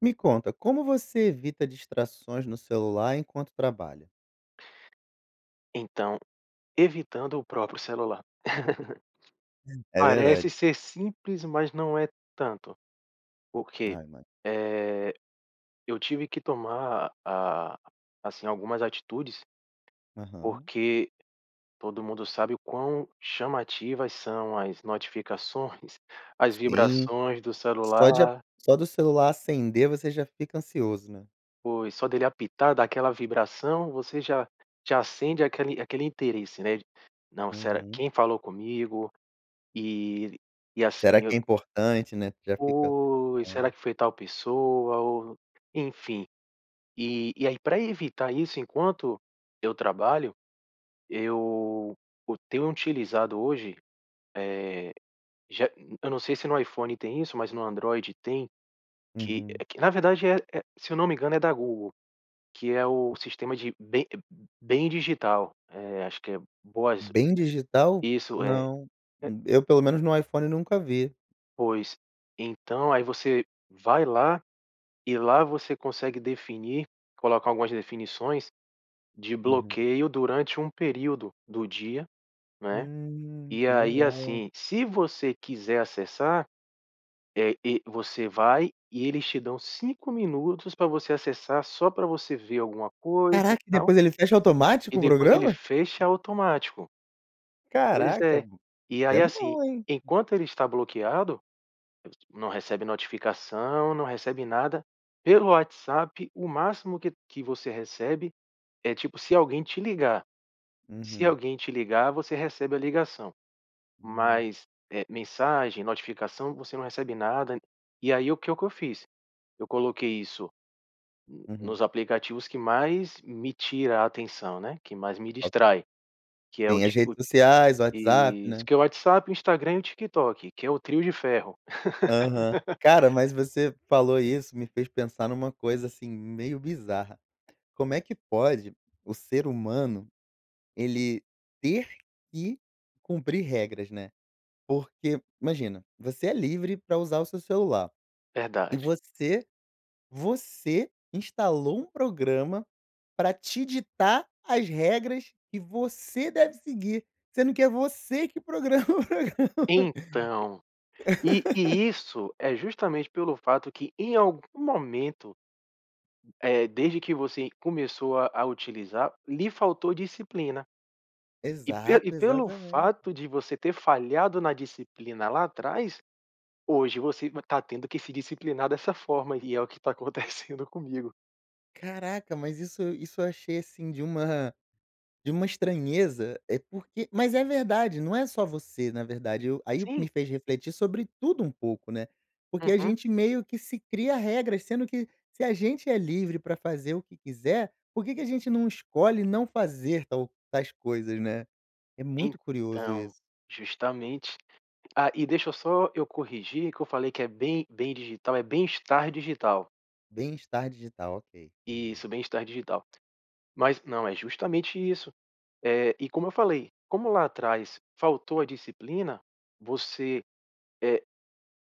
Me conta, como você evita distrações no celular enquanto trabalha? Então, evitando o próprio celular. É Parece verdade. ser simples, mas não é tanto, porque, Ah, ima eh, eu tive que tomar, ah, assim algumas atitudes, Aham. porque todo mundo sabe o quão chamativas são as notificações, as Sim, vibrações do só de a celular. só do celular acender você já fica ansioso, né. Pois só dele apitar, dar aquela vibração, você já já acende aquele aquele interesse, né. Não, será Uhum. quem falou comigo e e Será assim, eu que é importante, né? Tu já fica pensando. Pois, será que foi tal pessoa ou enfim, e e aí pra evitar isso, enquanto eu trabalho eu eu tenho utilizado hoje, eh, já eu não sei se no iPhone tem isso, mas no Android tem, que Uhum. que na verdade é é se eu não me engano é da Google, que é o Hum. sistema de bem bem digital. Eh, acho que é boas, Bem digital? isso, eh, Não, é. eu pelo menos no iPhone nunca vi. Pois, então, aí você vai lá e lá você consegue definir, colocar algumas definições de Uhum. bloqueio durante um período do dia, não é? Hum, E que aí legal. assim, se você quiser acessar, eh e você vai e eles te dão cinco minutos pra você acessar só pra você ver alguma coisa e Caraca e tal. depois ele fecha E automático o depois ele programa? fecha automático. Pois Caraca, é. b E isso aí é assim, bom hein. enquanto ele está bloqueado, não recebe notificação, não recebe nada. Pelo WhatsApp, o máximo que que você recebe é tipo se alguém te ligar. Se Uhum. alguém te ligar, você recebe a ligação. Uhum. Mas, eh, mensagem, notificação, você não recebe nada. E aí o que que eu fiz? Eu coloquei isso Uhum. nos aplicativos que mais me tira a atenção, né, que mais me O distrai, que é o Sim, as tipo redes sociais, WhatsApp, isso né? que é o WhatsApp, o Instagram e o TikTok, que é o Trio de Ferro. Aham. Cara, mas você falou isso, me fez pensar numa coisa, assim, meio bizarra. Como é que pode o ser humano, ele ter que cumprir regras né. Porque, imagina, você é livre pra usar o seu celular. E Verdade. você você instalou um programa para te ditar as regras que você deve seguir, sendo que é você que programa o programa. Então, e e isso é justamente pelo fato que em algum momento eh, desde que você começou a a utilizar, lhe faltou disciplina. E pelo e Exato, pelo exatamente. fato de você ter falhado na disciplina lá atrás, hoje você tá tendo que se disciplinar dessa forma, e é o que está acontecendo comigo. Caraca! Mas isso isso eu achei assim, de uma de uma estranheza é porque mas é verdade. Não é só você na verdade eu aí o que Sim. me fez refletir sobre tudo um pouco, né? Porque a Uhum. gente meio que se cria regras, sendo que se a gente é livre pra fazer o que quiser, por que que a gente não escolhe não fazer tal tais coisas, né? É muito curioso Então, isso. justamente. Ah, e deixa eu só eu corrigir que eu falei que é bem bem digital, é bem-estar digital. Bem-estar digital. Ok. Beleza. Isso. Bem-estar digital. Mas não, é justamente isso, eh, e como eu falei, como lá atrás faltou a disciplina, você, eh,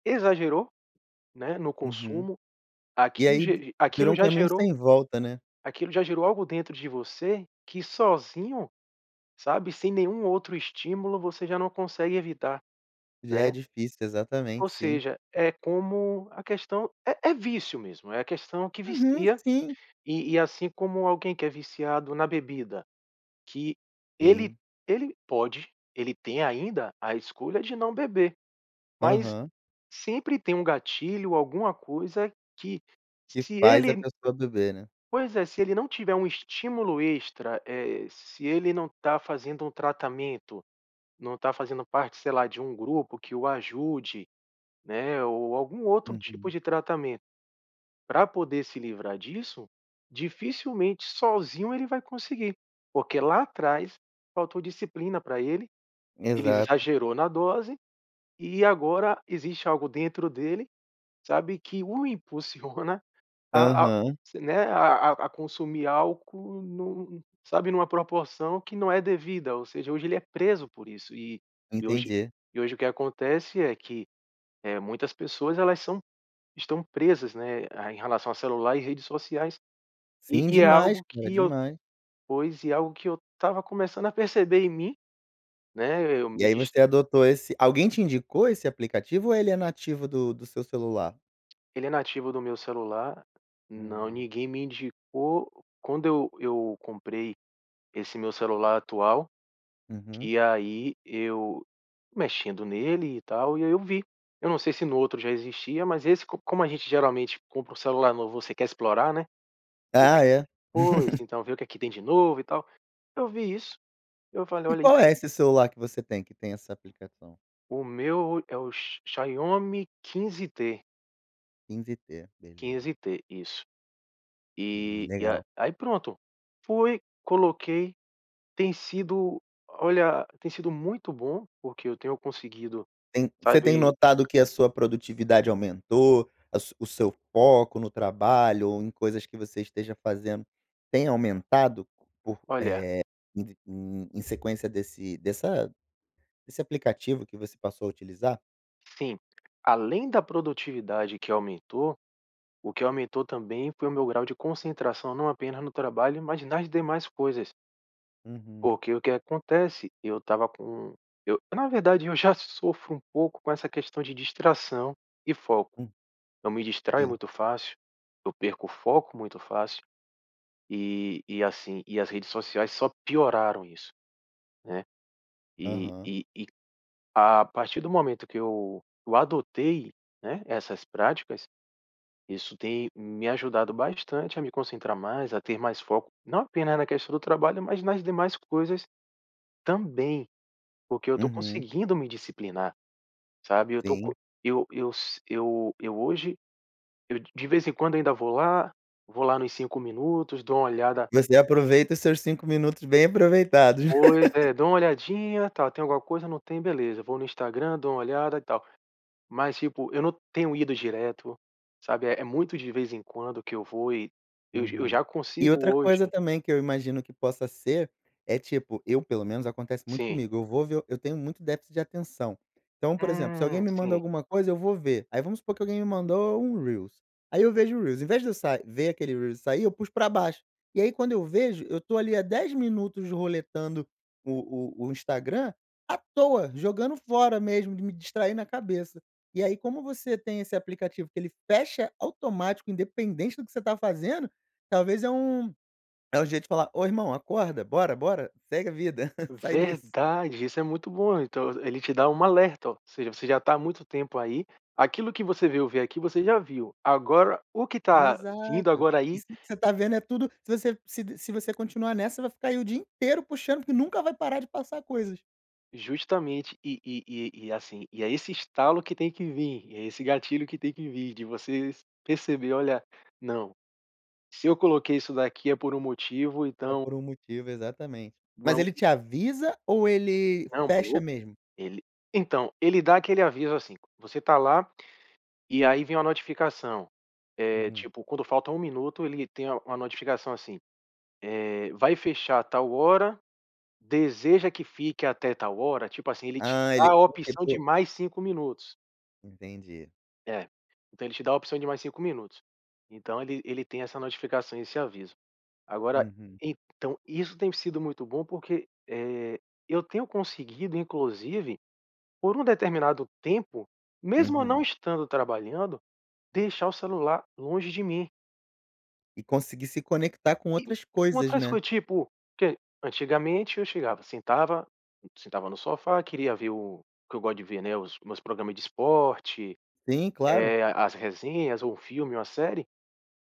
exagerou, né? No Uhum. consumo, E aquilo aí, vi ge virou aquilo um já caminho gerou sem volta, né? aquilo já gerou algo dentro de você, que sozinho, sabe, sem nenhum outro estímulo, você já não consegue evitar, Já é né? difícil. Ou Exatamente. Sim. seja, é como a questão É é vício mesmo. É a questão que Uhum, vicia sim. e e assim como alguém que é viciado na bebida, que ele Sim. ele pode, ele tem ainda a escolha de não beber, mas Aham. sempre tem um gatilho, alguma coisa que Que se faz a ele pessoa beber, né? Pois é, se ele não tiver estímulo extra, eh, se ele não tá fazendo um tratamento, não tá fazendo parte, sei lá, de um grupo que o ajude, né, ou algum outro tipo Uhum. de tratamento pra poder se livrar disso, dificilmente sozinho ele vai conseguir porque lá atrás faltou disciplina pra ele ele Exato. exagerou na dose, e agora existe algo dentro dele, sabe? Que o impulsiona a a Aham. se, né, a a consumir álcool, num sabe numa proporção que não é devida. Ou seja, hoje ele é preso por isso e e hoje Entendi. e hoje o que acontece, é que, eh, muitas pessoas, elas são estão presas, né, a em relação a celular e redes sociais. E Sim. e é Demais, algo cara. que eu Demais. pois e algo que eu estava começando a perceber em mim, né? Eu E me aí, dis você adotou esse alguém te indicou esse aplicativo? Ou ele é nativo do do seu celular? Ele é nativo do meu celular. Não, Hum. ninguém me indicou. Quando eu eu comprei esse meu celular atual, Uhum. que aí eu mexendo nele e tal e aí eu vi. Eu não sei se no outro já existia, mas esse Co como a gente geralmente compra o celular novo, você quer explorar, né Ah [unintelligible] é. Pois, então, vê o que aqui tem de novo e tal. Eu vi isso. Eu falei: E "Olha isso qual aí". é esse celular que você tem, que tem essa aplicação? O meu o é o x Xiaomi 15T. 15T. Beleza. 15T. Isso. Hum. E a Legal. aí, pronto. Fui. Coloquei. Tem sido olha, tem sido muito bom, porque eu tenho conseguido, Tem você tem sabe notado que a sua produtividade aumentou? A su o seu foco no trabalho ou em coisas que você esteja fazendo, tem aumentado por eh, Olha. em vi em em sequência desse dessa desse aplicativo que você passou a utilizar? Sim. Além da produtividade que aumentou. O que aumentou também foi o meu grau de concentração, não apenas no trabalho, mas nas demais coisas. Uhum. Porque o que acontece? Eu estava com eu, na verdade, eu já sofro um pouco com essa questão de distração e foco. Hum. Eu me distraio Sim. muito fácil. Eu perco o foco muito fácil. E e assim, e as redes sociais só pioraram isso, né? E Aham. e e a a partir do momento que eu eu adotei, né, essas práticas, isso tem me ajudado bastante a me concentrar mais, a ter mais foco. Não apenas na questão do trabalho, mas nas demais coisas também, porque eu estou Uhum. conseguindo me disciplinar, sabe? Eu tô co Sim. eu eu s Eu hoje eu de de vez em quando ainda vou lá. Vou lá nos 5 minutos, dou uma olhada Você aproveita seus 5 minutos bem aproveitados. Pois é. Dou uma olhadinha, tal. "Tem alguma coisa? Não tem. Beleza". Vou no Instagram, dou uma olhada e tal. Mas, tipo, eu não tenho ido direto, sabe. É é muito de vez em quando que eu vou e eu eu Uhum. já E consigo outra hoje coisa também que eu imagino que possa ser é, tipo eu pelo menos acontece muito sim. comigo eu vou ver eu tenho muito déficit de atenção. Então, por exemplo, se alguém Hum. me manda Sim. alguma coisa, eu vou ver. Aí, vamos supor que alguém me mandou um reel, aí eu vejo o reel. Invés de eu sa ver aquele e sair, eu puxo pra baixo. E aí, quando eu vejo, eu estou ali há 10 minutos roletando o o o Instagram à toa. Jogando fora mesmo de me distrair na cabeça. E aí, como você tem esse aplicativo, que ele fecha automático, independente do que você tá fazendo, talvez é um é um jeito de falar: "Oh irmão, acorda. Bora bora. Segue a vida. Sai disso". Verdade. Isso é muito bom. Então, ele ele te dá um alerta. Ou seja, "você já tá há muito tempo aí. Aquilo que você veio ver aqui, você já viu. Agora, o que tá vindo Exato. agora aí" "Isso aí que você tá vendo é tudo Se você se se d se você continuar nessa, vai ficar aí o dia inteiro puxando, porque nunca vai parar de passar coisas". Justamente. E e e e é assim e é esse estalo que tem que vir. E é esse gatilho que tem que vir de você perceber "Olha, não! Se eu coloquei isso daqui é por um motivo, É então". por um motivo. Exatamente. Mas vamo ele te avisa ou ele Não. fecha [unintelligible] mesmo? Ele Então, ele dá aquele aviso assim: C você tá lá e aí vem uma notificação. É, Uhum. tipo, quando falta um minuto, ele tem a uma notificação assim: Eh, "vai fechar tal hora. Deseja que fique até tal hora?". Tipo assim, ele te Ah, ele dá a opção de [unintelligible] mais 5 minutos. Entendi. É. Então ele te dá a opção de mais 5 minutos. Então, ele ele tem essa notificação e esse aviso. Agora Uhum. então, isso tem sido muito bom porque, eh, eu tenho conseguido inclusive, por um determinado tempo, mesmo eu não Uhum. estando trabalhando, deixar o celular longe de mim. E conseguir se conectar com E outras com coisas, outras né? coi tipo, que antigamente eu chegava, sentava, sentava no sofá, queria ver o o que eu gosto de ver, né, os meus programa de esporte, Sim, claro! eh, as resenhas ou o filme ou a série.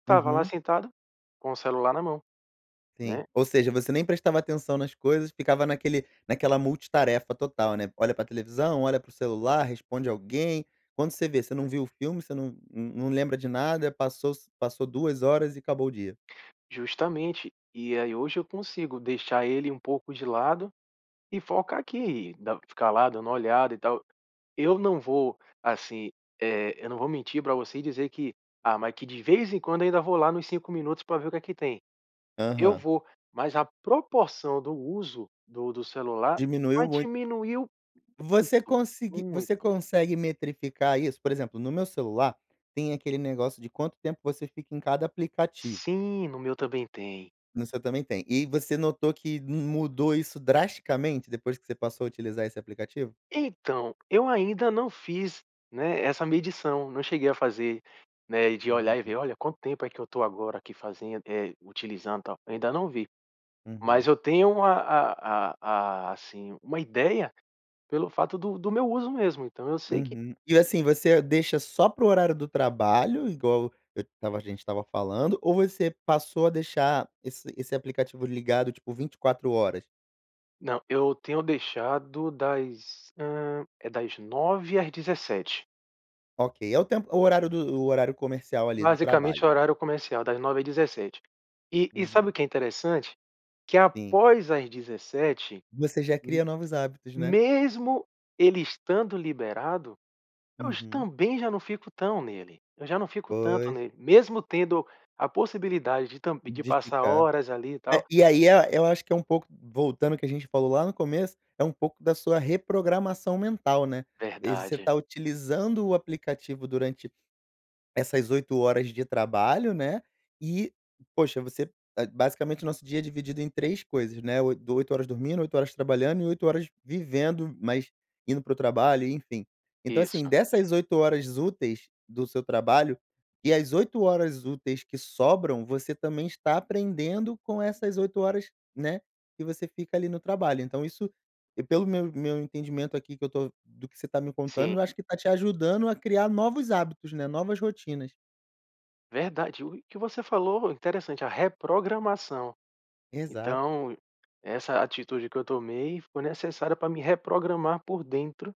Estava lá Uhum. sentado com o celular na mão, Sim. né. Ou seja, você nem prestava atenção nas coisas, ficava naquele naquela multitarefa total, né? Olha para televisão, olha para o celular, responde alguém. Quando você vê, você não viu o filme, você num num lembra de nada, passou se passou 2 horas e acabou o dia. Justamente e aí hoje eu consigo deixar ele um pouco de lado e foca aqui, não ficar lá dando olhada e tal. Eu não vou, assim, eh, eu não vou mentir pra você e dizer que, ah, mas que de vez em quando eu ainda vou lá nos 5 minutos pra ver o que é que tem. Eu Aham. vou, mas a proporção do uso do do celular já Diminuiu muito. diminuiu Você muito! consegui você Muito! consegue metrificar isso? Por exemplo, no meu celular tem aquele negócio de quanto tempo você fica em cada aplicativo. Sim, no meu também tem. No seu também tem e você notou que mudou isso drasticamente depois que você passou a utilizar esse aplicativo? Então, eu ainda não fiz, né, essa medição, não cheguei a fazer, né de olhar Uhum. e Hã. ver: "Olha, quanto tempo é que eu tô agora aqui fazendo, eh, utilizando, tal." Eu ainda não vi. Mas Uhum. eu tenho a a a a assim uma ideia pelo fato do do meu uso mesmo, então, eu sei que Uhum. E assim, você deixa só para o horário do trabalho? Igual eu estava a gente estava falando? Ou você passou a deixar esse esse aplicativo ligado, tipo 24 horas? Não, eu tenho deixado das, hã, é das 9h às 17h. Okay. É o tempo o horário do o horário comercial, ali, do Basicamente é o trabalho. horário comercial, das 9h às 17h. E e sabe Uhum. o que é interessante? Que Sim. após às 17h, Você já cria novos hábitos, né? mesmo ele estando liberado, hoje Uhum. também já não fico tão nele, eu já não fico tanto Pois. nele, mesmo tendo a possibilidade de tam de De passar ficar. horas ali e É, tal e aí é eu acho que é um pouco voltando o que a gente falou lá no começo, é um pouco da sua reprogramação mental, né. E você tá Verdade. utilizando o aplicativo durante essas 8 horas de trabalho, né? E, poxa, você é, basicamente o nosso dia é dividido em 3 coisas, né, oi do 8 horas dormindo, 8 horas trabalhando e 8 horas vivendo, mas indo para o trabalho e enfim. Então, assim, Isso. dessas 8 horas úteis do seu trabalho, e as 8 horas úteis que sobram, você também está aprendendo com essas 8 horas, né, que você fica ali no trabalho. Então isso e pelo meu meu entendimento aqui que eu tô do que você tá me contando, eu Sim. acho que tá te ajudando a criar novos hábitos, né, novas rotinas. Verdade. O e que você falou interessante, a reprogramação. Exato. Então, essa atitude que eu tomei foi necessária pra me reprogramar por dentro,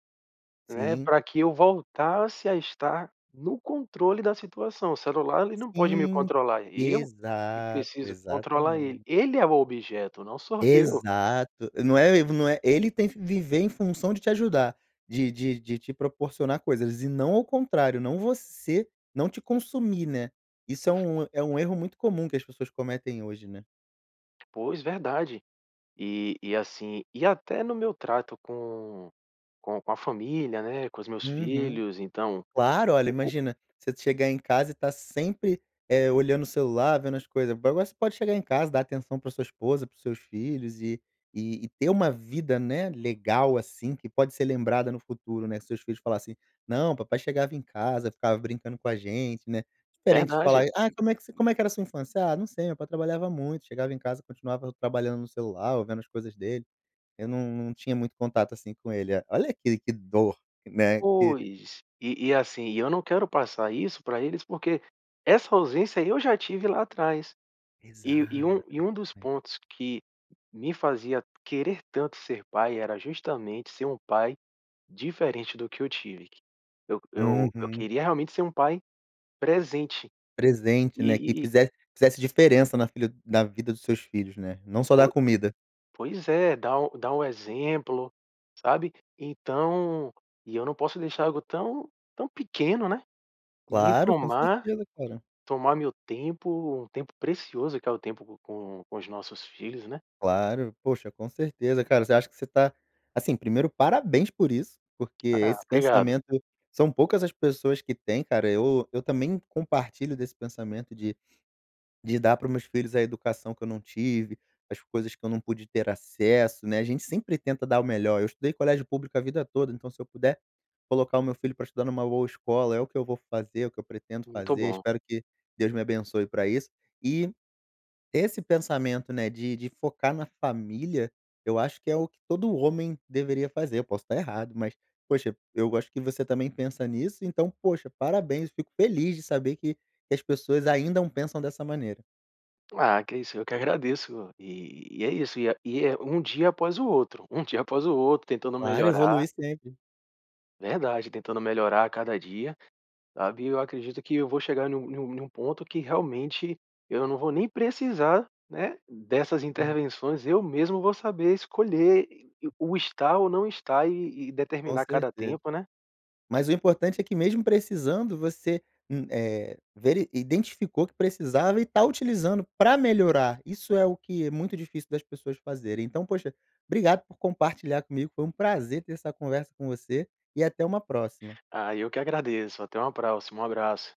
né, Sim. pra que eu voltasse a estar no controle da situação. O celular, ele não pode me Sim! controlar, eu que Exato, preciso controlar ele. exatamente. Ele é o objeto, não sou eu. Exato! Não é el v não é, ele tem que viver em função de te ajudar, de de de te proporcionar coisas e não ao contrário, não você não te consumir, né? Isso é Ve um é um erro muito comum que as pessoas cometem hoje, né? Pois, verdade! E e assim e até no meu trato com com com a família, né, com os meus Uhum. filhos, então Claro! Olha, o o imagina você chegar em casa e tá sempre, eh, olhando o celular, vendo as coisas. Mas- mas você pode chegar em casa, dar atenção para a sua esposa, para os seus filhos e e ter uma vida, né, legal, assim, que pode ser lembrada no futuro, né. Seus filhos falar assim: "Não, papai chegava em casa, ficava brincando com a gente". Né? Diferente de Verdade! falar: "Ai, como é que você como é que era a sua infância?". "Ah, não sei, o meu pai trabalhava muito, chegava em casa, continuava trabalhando no celular, ou vendo as coisas dele, eu não não tinha muito contato, assim com ele". Olha, que que dor, né, que Pois. E e, assim, e eu não quero passar isso pra eles, porque essa ausência eu já tive lá atrás. Exa E e um e um dos pontos que me fazia querer tanto ser pai, era justamente ser um pai diferente do que eu tive. Eu eu eu Uhum. queria realmente ser um pai presente. Presente, né, que E e e fizesse fizesse diferença na filha na vida dos seus filhos, né? Não só dar Po comida. pois é, dá o dá o exemplo, sabe. Então e eu não posso deixar algo tão tão pequeno, né, me Claro! Com tomar, certeza, cara. tomar meu tempo, um tempo precioso, que é o tempo com com os nossos filhos, né? Claro! Poxa, com certeza, cara. Você acha que você tá assim, primeiro parabéns por isso, porque Ah, esse obrigado. pensamento são poucas as pessoas que têm, cara, eu eu também compartilho desse pensamento de de dar para os meus filhos a educação que eu não tive, as coisas que eu não pude ter acesso, né. A gente sempre tenta dar o melhor, eu estudei colégio público a vida toda, então se eu puder colocar o meu filho para estudar numa boa escola, é o que eu vou fazer, é o que eu pretendo Muito fazer, bom. espero que Deus me abençoe pra isso. E esse pensamento, né, de de focar na família, eu acho que é o que todo homem deveria fazer, eu posso tá errado, mas poxa, eu acho que você também pensa nisso, então, poxa, parabéns! Fico feliz de saber que que as pessoas ainda pensam dessa maneira. Ah, que é isso. Eu que agradeço. E e é isso, e é e é um dia após o outro, um dia após o outro tentando Claro, melhorar evoluir sempre. Verdade, tentando melhorar a cada dia, sabe, e eu acredito que eu vou chegar num num num ponto que realmente eu não vou nem precisar, né, dessas Hum. intervenções, eu mesmo vou saber escolher e o estar ou não estar e e Com determinar cada certeza. tempo, né? Mas o importante é que mesmo precisando, você, hum, eh, veri identificou que precisava e tá utilizando pra melhorar, isso é o que é muito difícil das pessoas fazerem. Então, poxa, obrigado por compartilhar comigo, foi um prazer ter essa conversa com você e até uma próxima. Ah, eu que agradeço. Até uma próxima, um abraço.